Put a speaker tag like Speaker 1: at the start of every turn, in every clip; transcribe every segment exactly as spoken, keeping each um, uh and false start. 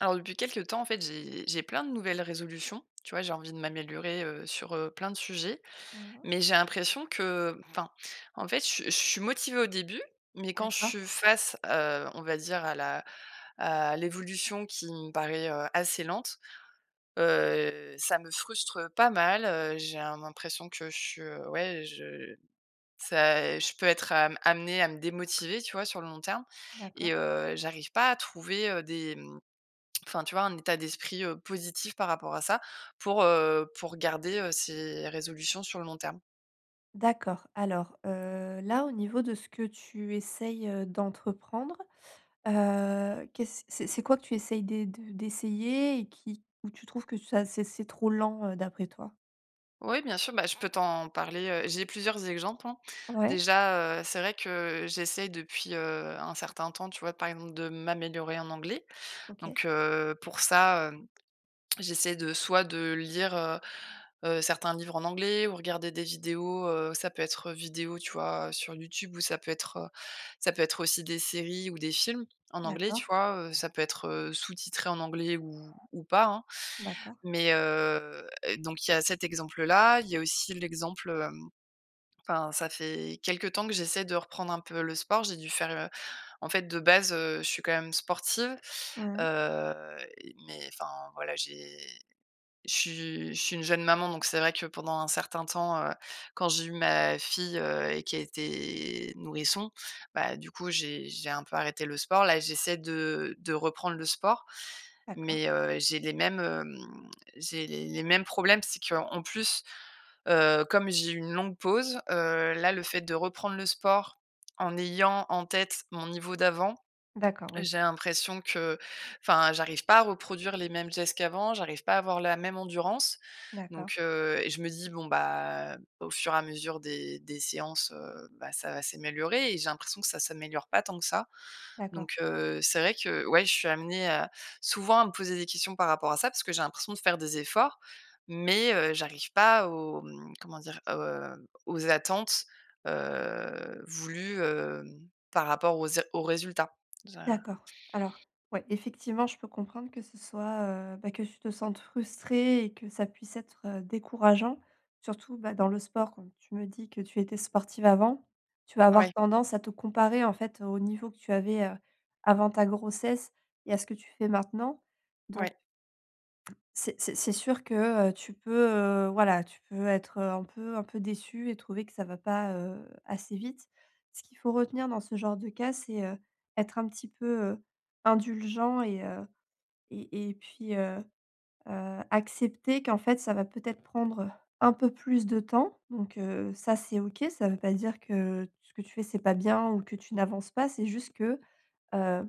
Speaker 1: Alors depuis quelque temps, en fait, j'ai j'ai plein de nouvelles résolutions. Tu vois, j'ai envie de m'améliorer, heu, sur, heu, plein de sujets,
Speaker 2: Mmh mh.
Speaker 1: mais j'ai l'impression que, enfin, en fait, je su je suis motivée au début, mais quand je
Speaker 2: D'accord.
Speaker 1: suis face, heu, on va dire à la à l'évolution qui me paraît, heu, assez lente, heu, ça me frustre pas mal. Heu, j'ai un l'impression que je ouais, je ça, je peux être am amenée à me démotiver, tu vois? Sur le long terme
Speaker 2: D'accord.
Speaker 1: et heu, j'arrive pas à trouver, heu, des m enfin, tu vois, un état d'esprit, heu, positif par rapport à ça. Pour, heu, pour garder, heu, ces résolutions sur le long terme.
Speaker 2: D'accord. Alors, heu, là, au niveau de ce que tu essayes, heu, d'entreprendre, heu, qu'est-ce c'est c'est quoi que tu essayes d'é de d'essayer et qui ou tu trouves que ça c'est c'est trop lent, heu, d'après toi?
Speaker 1: Oui, bien sûr, bah, je peux t'en parler, heu, j'ai plusieurs exgemples, hein.
Speaker 2: Ouais.
Speaker 1: Déjà, heu, c'est vrai que j'essaie depuis, heu, un certain temps, tu vois, par exemple, de m'améliorer en anglais,
Speaker 2: OK.
Speaker 1: donc, heu, pour ça, hem, j'essaie de soit de lire, heu, heu, certains livres en anglais ou regarder des vidéos. Heu, ça peut être vidéo, tu vois, sur YouTube ou ça peut être ça peut être aussi des séries ou des films en anglais, tu
Speaker 2: D'accord.
Speaker 1: vois? Heu, ça peut être, heu, sous-titré en anglais ou ou pas, hein,
Speaker 2: D'accord.
Speaker 1: mais, heu, donc il y a cet exemple-là, il y a aussi l'exemple, hem, enfin, ça fait quelque temps que j'essaie de reprendre un peu le sport. J'ai dû faire, heu, en fait de base, heu, je suis quand même sportive.
Speaker 2: Mmh mh.
Speaker 1: Heu, mais enfin, voilà, j'ai je suis je suis une jeune maman, donc c'est vrai que pendant un certain temps, heu, quand j'ai eu ma fille, heu, et qui a été nourrisson, bah, du coup, j'ai j'ai un peu arrêté le sport. Là, j'essaie de de reprendre le sport,
Speaker 2: D'accord.
Speaker 1: mais, heu, j'ai les mêmes, hem, j'ai les les mêmes problèmes. C'est qu'en plus, heu, comme j'ai eu une longue pause, heu, là, le fait de reprendre le sport en ayant en tête mon niveau d'avant,
Speaker 2: D'accord, oui.
Speaker 1: j'ai l'impression que, enfin, j'arrive pas à reproduire les mêmes gestes qu'avant. J'arrive pas à avoir la même endurance,
Speaker 2: D'accord.
Speaker 1: donc, heu, et je me dis: «Bon bah, au fur et à mesure des des séances, heu, bah, ça va s'éméliorer» et j'ai l'impression que ça s'améliore pas tant que ça,
Speaker 2: D'accord.
Speaker 1: donc, heu, c'est vrai que ouais, je suis amenée à, souvent à me poser des questions par rapport à ça. Parce que j'ai l'impression de faire des efforts, mais heu, j'arrive pas aux, mmh, comment dire? Heu, aux attentes, heu, voulues, hem, par rapport aux é aux résultats. za
Speaker 2: D'accord. Alors, ouais, effectivement, je peux comprendre que ce soit, heu, bah, que tu te sentes frustrée et que ça puisse être décourageant, surtout, bah, dans le sport. Comme tu me dis que tu étais sportive avant, tu vas avoir
Speaker 1: Ouais.
Speaker 2: tendance à te comparer, en fait, au niveau que tu avais, heu, avant ta grossesse et à ce que tu fais maintenant, donc
Speaker 1: Ouais.
Speaker 2: c'est c'est c'est sûr que, heu, tu peux, heu, voilà, tu peux être un peu un peu déçue et trouver que ça va pas, heu, assez vite. Ce qu'il faut retenir dans ce genre de cas, c'est, heu, être un petit peu, heu, indulgent et, heu, et et puis, heu, heu, accepter qu'en fait, ça va peut-être prendre un peu plus de temps, donc, heu, ça, c'est OK. Ça veut pas dire que ce que tu fais c'est pas bien ou que tu n'avances pas, c'est juste que, heu,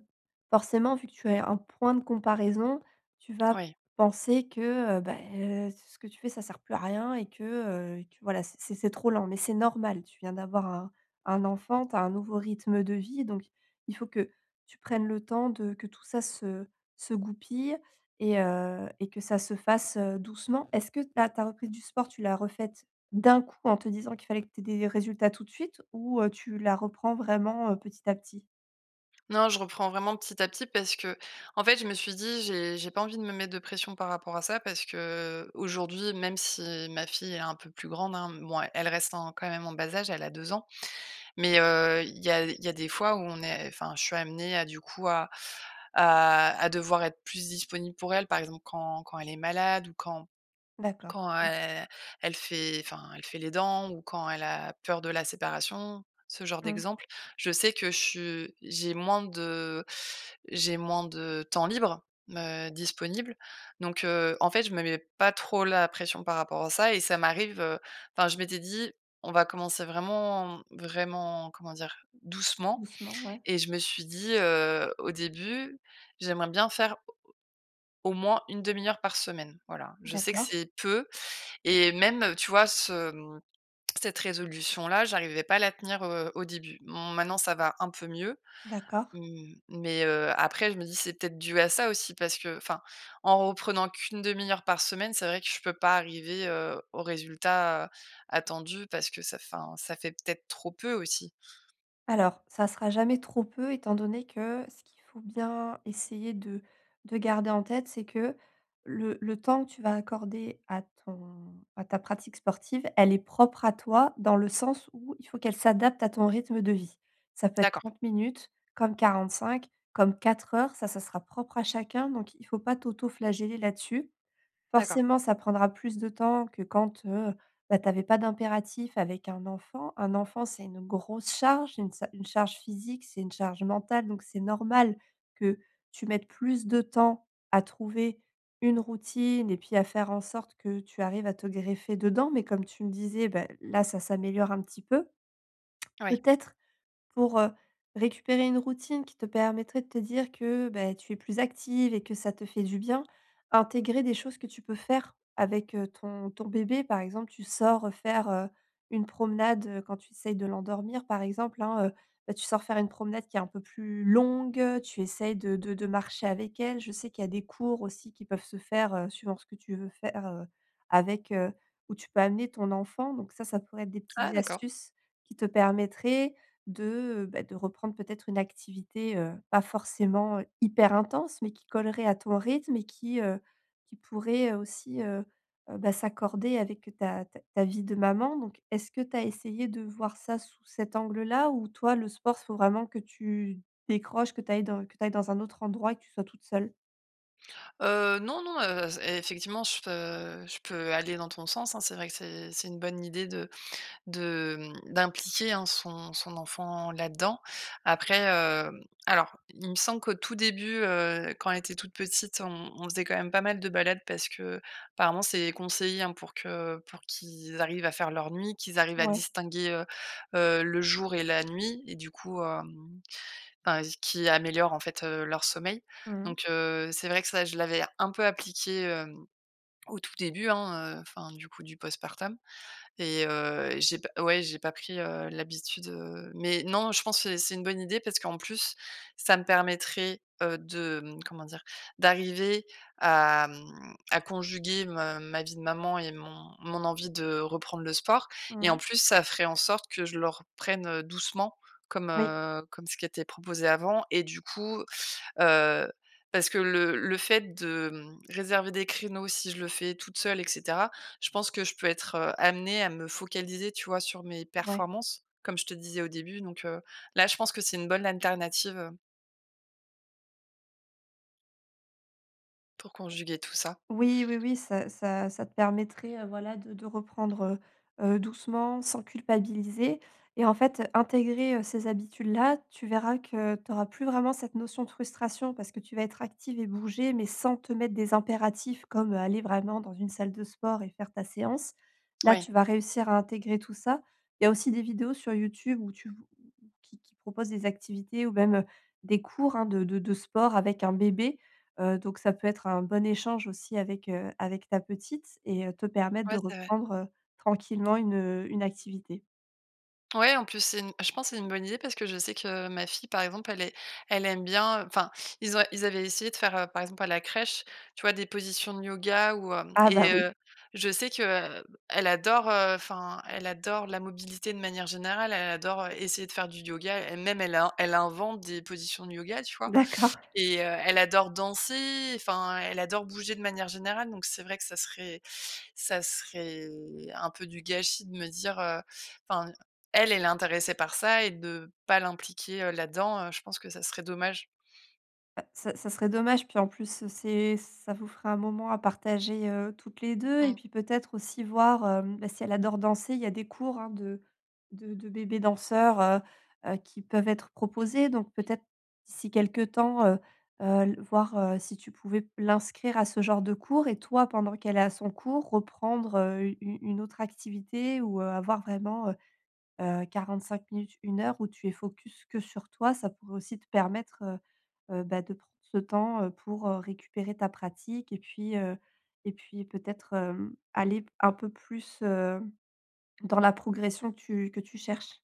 Speaker 2: forcément, vu que tu as un point de comparaison, tu vas
Speaker 1: Ouais.
Speaker 2: penser que, heu, beh, ce ce que tu fais, ça sert plus à rien et que, heu, et que, voilà, c'est c'est c'est trop lent, mais c'est normal, tu viens d'avoir un un enfant, tu as un nouveau rythme de vie, donc il faut que tu prennes le temps de que tout ça se se goupille et heu, et que ça se fasse, heu, doucement. Est-ce que ta ta reprise du sport, tu l'as refaite d'un coup en te disant qu'il fallait que tu aies des résultats tout de suite ou, heu, tu la reprends vraiment, heu, petit à petit?
Speaker 1: Non, je reprends vraiment petit à petit parce que, en fait, je me suis dit, j'ai j'ai pas envie de me mettre de pression par rapport à ça parce que, aujourd'hui, même si ma fille est un peu plus grande, hein, mouais, elle reste en quand même en bas âge, elle a deux ans. Mais, heu, il y a il y a des fois où on est, enfin, je suis amenée à du coup à à à devoir être plus disponible pour elle, par exemple quand quand elle est malade ou quand
Speaker 2: D'accord.
Speaker 1: quand
Speaker 2: Mmh.
Speaker 1: el elle fait, enfin, elle fait les dents ou quand elle a peur de la séparation, ce genre
Speaker 2: Mmh.
Speaker 1: d'exemple. Je sais que je su j'ai moins de j'ai moins de, temps libre, heu, disponible. Donc, heu, en fait, je me mets pas trop la pression par rapport à ça et ça m'arrive, heu, enfin, je m'étais dit: «On va commencer vraiment, vraiment- comment dire- doucement»
Speaker 2: Doucement, ouais.
Speaker 1: et je me suis dit, heu, au début: «J'aimerais bien faire au moins une demi-heure par semaine», voilà. Je sais que
Speaker 2: D'accord.
Speaker 1: c'est peu et même tu vois, ce, hem, cette résolution là j'arrivais pas à la tenir, heu, au début. Mmh, bon, maintenant ça va un peu mieux,
Speaker 2: D'accord.
Speaker 1: mmh, mais, heu, après je me dis c'est peut-être dû à ça aussi parce que, enfin, en reprenant qu'une une demi-heure par semaine, c'est vrai que je peux pas arriver, heu, au résultat attendu parce que ça, enfin, ça fait peut-être trop peu aussi.
Speaker 2: Alors, ça sera jamais trop peu étant donné que ce qu'il faut bien essayer de de garder en tête, c'est que le le temps que tu vas accorder à ton à ta pratique sportive, elle est propre à toi dans le sens où il faut qu'elle s'adapte à ton rythme de vie. Ça peut être
Speaker 1: D'accord.
Speaker 2: trente minutes comme quarante-cinq, comme quatre heures, ça ça sera propre à chacun, donc il faut pas t'autoflageller là-dessus.
Speaker 1: D'accord.
Speaker 2: Forcément, ça prendra plus de temps que quand, heu, bah, t'avais pas d'impératif avec un enfant. Un enfant, c'est une grosse charge, une sa une charge physique, c'est une charge mentale donc c'est normal que tu mettes plus de temps à trouver une routine et puis à faire en sorte que tu arrives à te greffer dedans, mais comme tu me disais, ben là ça s'améliore un petit peu.
Speaker 1: Ouais.
Speaker 2: Peut-être pour, heu, récupérer une routine qui te permettrait de te dire que, beh, tu es plus active et que ça te fait du bien. Intégrer des choses que tu peux faire avec, heu, ton ton bébé. Par exemple, tu sors faire, heu, une promenade, heu, quand tu essayes de l'endormir par exemple, hein, heu. Bah, tu sors faire une promenade qui est un peu plus longue, tu essayes de de de marcher avec elle. Je sais qu'il y a des cours aussi qui peuvent se faire, heu, suivant ce que tu veux faire, heu, avec, heu, où tu peux amener ton enfant, donc ça ça pourrait être des
Speaker 1: Ah
Speaker 2: petites
Speaker 1: d'accord.
Speaker 2: astuces qui te permettraient de, bah, de reprendre peut-être une activité, heu, pas forcément hyper intense mais qui collerait à ton rythme et qui, heu, qui pourrait aussi, heu, bah, s'accorder avec ta ta ta vie de maman, donc est-ce que tu as essayé de voir ça sous cet angle-là, ou toi le sport s faut vraiment que tu décroches, que tu ailles dans que tu ailles dans un autre endroit et que tu sois toute seule?
Speaker 1: Heu, non, non, heu, z effectivement je peu je peux aller dans ton sens, hein. C'est vrai que c'est c'est une bonne idée de de mmh, d'impliquer, hein, son son enfant là-dedans. Après, heu, alors, il me semble qu'au tout début, heu, quand elle était toute petite, on on faisait quand même pas mal de balades parce qu'apparemment c'est conseillé, hein, pour que pour qu'ils arrivent à faire leurs nuits, qu'ils arrivent à
Speaker 2: Ouais.
Speaker 1: distinguer, heu, heu, le jour et la nuit et du coup, hem, enfin qui améliore en fait, heu, leur sommeil,
Speaker 2: Mmh.
Speaker 1: donc heu, c'est vrai que ça, je l'avais un peu appliqué, hem, au tout début, hein, heu, enfin du coup du post-partum et heu, j'ai pas ouais, j'ai pas pris, heu, l'habitude, heu, mais non, je pense et c'est une bonne idée parce qu'en plus, ça me permettrait, heu, de, mmh, comment dire? D'arriver à, mmh, à conjuguer me ma vie de maman et mon mon envie de reprendre le sport et en
Speaker 2: Mmh.
Speaker 1: plus, ça ferait en sorte que je le reprenne, heu, doucement. Comme,
Speaker 2: Oui.
Speaker 1: heu, comme ce qui était proposé avant et du coup, heu parce que le le fait de réserver des créneaux si je le fais toute seule et cetera, je pense que je peux être, heu, amenée à me focaliser, tu vois, sur mes
Speaker 2: Ouais.
Speaker 1: performances comme je te disais au début, donc heu, là, je pense que c'est une bonne anternative, heu. Pour conjuguer tout ça.
Speaker 2: Oui, oui oui ça ça ça te permettrait voilà de de reprendre, heu, heu, doucement, sans culpabiliser et en fait, intégrer ces habitudes-là. Tu verras que tu auras plus vraiment cette notion de frustration, parce que tu vas être active et bouger, mais sans te mettre des impératifs comme, heu, aller vraiment dans une salle de sport et faire ta séance. Là,
Speaker 1: Ouais.
Speaker 2: tu vas réussir à intégrer tout ça. Il y a aussi des vidéos sur YouTube où tu v qui qui proposent des activités ou même des cours, hein, de de de sport avec un bébé, heu, donc ça peut être un bon échange aussi avec, heu, avec ta petite et te permettre
Speaker 1: Ouais,
Speaker 2: de
Speaker 1: c'est vrai.
Speaker 2: reprendre tranquillement une une activité.
Speaker 1: Ouais, en plus c'est une je pense que c'est une bonne idée, parce que je sais que ma fille, par exemple, elle est elle aime bien, heu, enfin, ils ont ils avaient essayé de faire, heu, par exemple, à la crèche, tu vois, des positions de yoga ou, hem,
Speaker 2: Ah bah
Speaker 1: et
Speaker 2: oui.
Speaker 1: heu, je sais que, heu, elle adore, heu, enfin, elle adore la mobilité de manière générale, elle adore essayer de faire du yoga. Elle-même, elle a elle invente des positions de yoga, tu vois?
Speaker 2: D'accord.
Speaker 1: Et heu, elle adore danser, enfin, elle adore bouger de manière générale. Donc c'est vrai que ça serait ça serait un peu du gâchis de me dire, heu, enfin, elle, elle est intéressée par ça et de pas l'impliquer là-dedans, je pense que ça serait dommage.
Speaker 2: Bah, ça ça serait dommage, puis en plus c'est ça vous fera un moment à partager, heu, toutes les deux et
Speaker 1: Mmh.
Speaker 2: puis peut-être aussi voir, hem, bah, si elle adore danser, il y a des cours hein, de de de bébés danseurs, heu, heu, qui peuvent être proposés, donc peut-être d'ici quelque temps, heu, heu, l voir, heu, si tu pouvais l'inscrire à ce genre de cours et toi, pendant qu'elle est à son cours, reprendre, heu, u une autre activité ou, heu, avoir vraiment, heu, heu, quarante-cinq minutes, une heure où tu es focus que sur toi, ça pourrait aussi te permettre, heu, heu, bah, de prendre ce temps, heu, pour, heu, récupérer ta pratique et puis, heu et puis peut-être, hem, aller p un peu plus, heu, dans la progression que tu que tu cherches.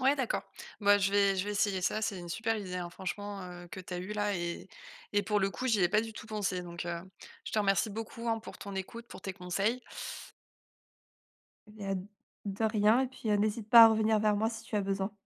Speaker 1: Ouais d'accord. Bah je vais je vais essayer ça, c'est une super idée, hein franchement, que tu as eue là et et pour le coup j'y ai pas du tout pensé. Donc, heu, je te remercie beaucoup hein pour ton écoute, pour tes conseils.
Speaker 2: Et bah de rien et puis, heu, n'hésite pas à revenir vers moi si tu as besoin.